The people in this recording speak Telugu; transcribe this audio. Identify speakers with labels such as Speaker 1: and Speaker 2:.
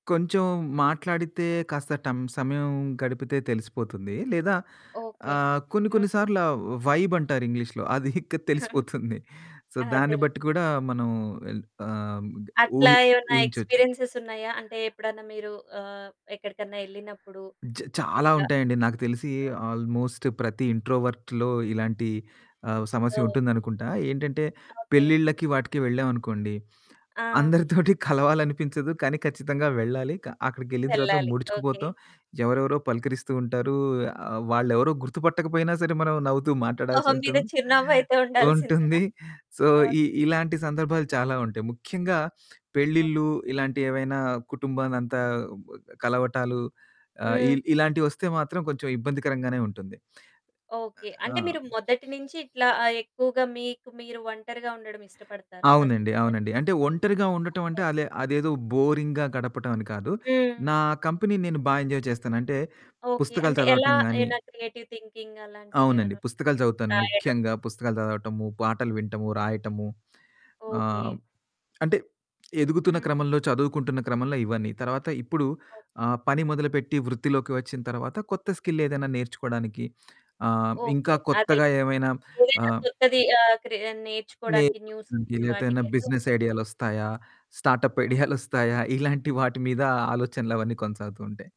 Speaker 1: కొంచెం మాట్లాడితే కాస్త టం సమయం గడిపితే తెలిసిపోతుంది. లేదా
Speaker 2: ఓకే.
Speaker 1: ఆహ్, కొన్ని కొన్ని
Speaker 2: హ్మ్.
Speaker 1: సార్లు ఆ వైబ్ అంటారు ఇంగ్లీష్‌లో అది ఇక తెలిసిపోతుంది. సో దాన్ని
Speaker 2: అదెలే.
Speaker 1: బట్టి కూడా మనం ఎల్ ఆహ్
Speaker 2: అట్లా
Speaker 1: ఊహి
Speaker 2: ఏవన్నా
Speaker 1: ఊహించొచ్చు.
Speaker 2: ఎక్స్‌పీరియన్సె‌స్ ఉన్నాయా? అంటే ఎప్పుడన్నా మీరు ఆహ్, ఎక్కడికన్నా ఎళ్ళినప్పుడు
Speaker 1: జ చాలా
Speaker 2: ఇట్లా
Speaker 1: ఉంటాయండి. నాకు తెలిసి
Speaker 2: ఆ!
Speaker 1: ఆల్‌మోస్ట్ ప్రతి ఇంట్రోవర్ట్‌లో ఇలాంటి ఆహ్, సమస్య
Speaker 2: ఓహ్!
Speaker 1: ఉంటుందనుకుంటా. ఏంటంటే
Speaker 2: ఓకే.
Speaker 1: పెళ్ళిళ్ళకి వాటికి వెళ్ళాం అనుకోండి.
Speaker 2: ఆ!
Speaker 1: అందరితోటి కలవాలనిపించదు కానీ ఖచ్చితంగా వెళ్ళాలి. క అక్కడికెళ్ళిన తర్వాత
Speaker 2: వెళ్ళాలి. ఓకే.
Speaker 1: ముడుచుకుపోతాం ఎవరెవరో పలకరిస్తూ ఉంటారు. ఆహ్, వాళ్ళెవరో గుర్తుపట్టకపోయినా సరే మనం నవ్వుతూ మాట్లాడాల్సి
Speaker 2: మొహం మీద
Speaker 1: ఉంటుంది.
Speaker 2: చిరునవ్వు అయితే ఉండాల్సిందేనా?
Speaker 1: ఉంటుంది సో ఇ
Speaker 2: ఓకే.
Speaker 1: ఇలాంటి సందర్భాలు చాలా ఉంటాయి. ముఖ్యంగా
Speaker 2: ఓహ్!
Speaker 1: పెళ్ళిల్లు ఇలాంటి ఏవైనా కుటుంబానంతా కలవటాలు, ఆ!
Speaker 2: హ్మ్.
Speaker 1: ఇల్ ఇలాంటివొస్తే మాత్రం కొంచెం ఇబ్బందికరంగానే ఉంటుంది.
Speaker 2: ఓకే.
Speaker 1: ఆ!
Speaker 2: అంటే మీరు మొదటి నించి ఇట్లా ఆహ్, ఎక్కువగా మీకు మీరు ఒంటరిగా ఉండడం ఇష్టపడతారా? ఫస్ట్
Speaker 1: అవునండి.
Speaker 2: నుంచన్
Speaker 1: అవునండి. అంటే ఒంటరిగా ఉండటం అంటే
Speaker 2: ఓకే.
Speaker 1: అలే అదేదో బోరింగ్‌గా గడపటం అని కాదు.
Speaker 2: హ్మ్.
Speaker 1: నా కంపెనీ నేను బా ఎంజాయ్ చేస్తాను. అంటే
Speaker 2: ఓకే.
Speaker 1: పుస్తకాలు
Speaker 2: అంటే ఎలా?
Speaker 1: చదవటం గాని
Speaker 2: ఏమైనా క్రియేటివ్ థింకింగ్ అలాంటివి
Speaker 1: అవునండి.
Speaker 2: ఏవన్నున్
Speaker 1: పుస్తకాలు చదువుతాను
Speaker 2: రాయడం?
Speaker 1: ముఖ్యంగా పుస్తకాలు చదవటము, పాటలు వింటము, రాయటము,
Speaker 2: ఓకే.
Speaker 1: ఆహ్, అంటే ఎదుగుతున్న
Speaker 2: హ్మ్.
Speaker 1: క్రమంలో చదువుకుంటున్న క్రమంలో ఇవన్నీ తర్వాత ఇప్పుడు
Speaker 2: ఓకే.
Speaker 1: ఆ పని మొదలుపెట్టి వృత్తిలోకి వచ్చిన తర్వాత కొత్త స్కిల్ ఏదైనా నేర్చుకోవడానికి ఆహ్, ఇంకా
Speaker 2: ఓకే. అదేలే.
Speaker 1: కొత్తగా ఏవైనా
Speaker 2: ఏదో
Speaker 1: ఆహ్
Speaker 2: కొత్తది ఆ క్రె నేర్చుకోడానికి
Speaker 1: నేర్చుకోవడానికి
Speaker 2: న్యూస్
Speaker 1: లెతే ఎదైనా
Speaker 2: వాటికైతే
Speaker 1: బిజినెస్ ఐడియాలొస్తాయా? స్టార్ట్‌అప్
Speaker 2: ఓహ్!
Speaker 1: ఐడియాలొస్తాయా? ఇలాంటి వాటి మీద ఆలోచనలు అవన్నీ కొనసాగుతూ ఉంటాయి.